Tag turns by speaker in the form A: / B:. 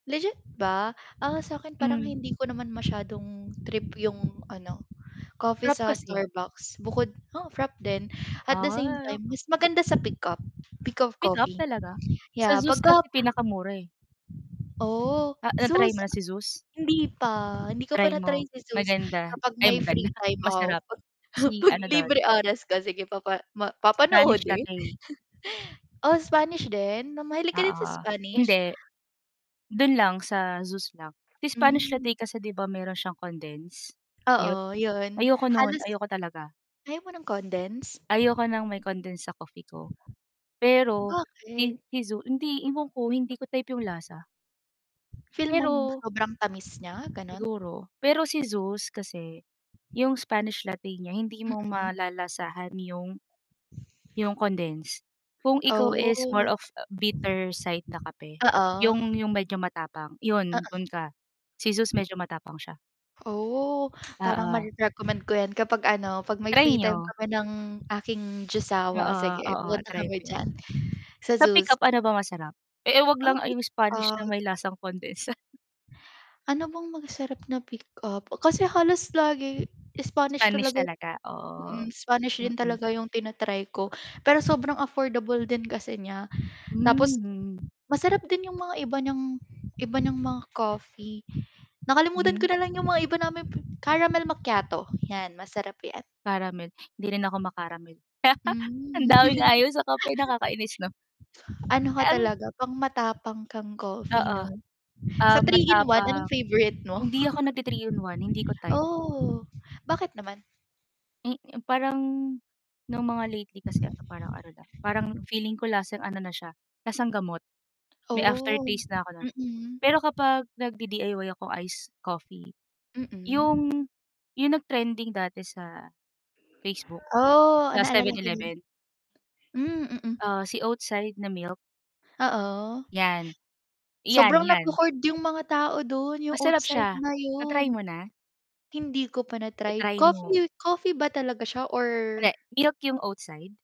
A: Legit ba? Ah, sa 'kin parang
B: Hmm.
A: hindi ko naman masyadong trip yung ano, coffee
B: Frappe
A: sa
B: kasi.
A: Starbucks bukod oo frappe din at the same
B: Ay,
A: time
B: okey.
A: mas maganda sa pick up, pick up
B: Pick up
A: coffee.
B: talaga? Sa
A: Yeah, 'pag
B: "Zeus"
A: ka
B: Kasi pinakamura, eh.
A: Oh,
B: A na-try
A: Zeus,
B: mo na si "Zeus?"
A: hindi pa, hindi ko pa
B: Try
A: na-try
B: mo.
A: si Zeus,
B: Maganda,
A: kapag
B: ay
A: may
B: maganda
A: free time
B: masarap,
A: off. 'Pag
B: si
A: 'pag
B: ano
A: libre
B: dun
A: oras ko, sige, papa ma
B: Spanish
A: papanoodin?
B: latte.
A: Oh, Spanish din? Na mahilig
B: Oo,
A: ka din sa
B: oh,
A: Spanish?
B: hindi. Dun lang sa Zeus lang. Si Spanish
A: Hmm.
B: latte kasi 'di ba meron siyang condense?
A: Oo,
B: Milk?
A: yun,
B: Ayoko nun,
A: halos
B: ayoko talaga.
A: ayaw mo ng condense?
B: Ayoko ng may condense sa coffee ko. Pero, kay
A: Bakit?
B: kay zu hindi, ewan ko hindi ko type yung lasa.
A: Feel mong
B: Pero
A: sobrang tamis niya? Gano'n?
B: Siguro, pero si Zeus kasi, yung Spanish Latte niya hindi mo
A: Mm.
B: malalasahan yung yung condense. Kung ikaw is more
A: Oh.
B: of a bitter side na kape, yung
A: Oo.
B: yung medyo matapang yun,
A: Oo.
B: dun ka. Si Zeus medyo matapang siya.
A: Oh. Parang
B: Oo.
A: mare-recommend ko 'yan kapag ano, 'pag may
B: Try
A: free time
B: niyo.
A: kami ng aking "Jusawa."
B: Oo,
A: Sige
B: oo,
A: pupunta
B: i-try
A: kami
B: mo 'yan.
A: diyan, sa
B: Sa pick
A: "Zeus."
B: up ano ba masarap? E e h'wag lang
A: [unintelligible]
B: ay yung Spanish
A: Ah
B: na may lasang condense, ah.
A: Ano bang masarap na pick up. kasi halos lagi Spanish
B: Spanish
A: talaga
B: talaga? Oo.
A: mm, Spanish din
B: Hmm.
A: talaga yung tina-try ko, pero sobrang affordable din kasi niya. Tapos,
B: Hmm.
A: masarap din yung mga iba niyang iba niyang mga coffee. Nakalimutan ko
B: Mhm.
A: na lang yung mga iba naming "Caramel macchiato." 'Yan, masarap 'yan.
B: Caramel, hindi rin ako ma-caramel. Ang
A: Hmm.
B: daming ayaw sa kape nakakainis 'no?
A: Ano ka
B: Ang
A: talaga, pang-matapang kang coffee
B: Oo.
A: 'no? Sa
B: Ah,
A: 3 in 1 anong
B: matapang.
A: favorite mo?
B: Hindi ako nag-ti-3 in 1, hindi ko type.
A: Oh, bakit naman?
B: Eh, parang, nung mga lately kasi ano parang ano lang, parang feeling ko lasang ano na siya, lasang gamot. May
A: Oh,
B: aftertaste na ako no'n.
A: mm.
B: Pero kapag nag-di-DIY ako ice coffee.
A: Mm.
B: 'Yong, 'yong nag-trending dati sa Facebook.
A: Oh,
B: Sa
A: naalala
B: seven
A: ko yun.
B: eleven.
A: Hmm, mm.
B: Ah, si "Oatside" na milk.
A: Oo.
B: 'Yan, 'yan
A: Sobrang
B: 'yan.
A: nagho-hoard yung mga tao dun, yung
B: Masarap
A: oatside
B: siya.
A: na
B: Na-try
A: yun.
B: mo na?
A: Hindi ko pa na-try
B: I-try mo.
A: coffee coffee ba talaga siya or
B: Hindi, milk yung "Oatside?"